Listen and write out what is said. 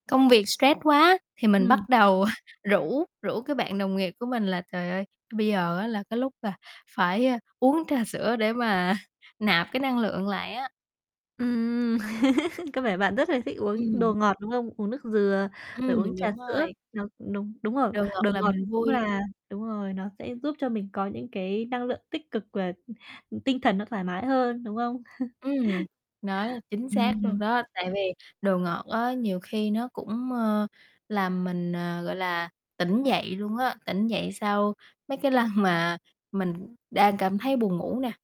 Công việc stress quá thì mình Ừm. bắt đầu rủ rủ cái bạn đồng nghiệp của mình là, trời ơi, bây giờ á là cái lúc là phải, ơ, uống trà sữa để mà nạp cái năng lượng lại á. Ừm, có vẻ bạn rất là thích uống Ừm. đồ ngọt, đúng không? Uống nước dừa, rồi Ừm, uống trà đúng sữa, rồi. nó đúng, đúng rồi, Đồ ngọt đồ làm ngọt mình cũng vui. là đúng rồi, nó sẽ giúp cho mình có những cái năng lượng tích cực và, ừ, tinh thần nó thoải mái hơn, đúng không? Ừm, nói chính xác luôn Ừm. đó, tại vì đồ ngọt á nhiều khi nó cũng, ờ, làm mình, à, gọi là, tỉnh dậy luôn á, tỉnh dậy sau mấy cái lần mà mình đang cảm thấy buồn ngủ nè.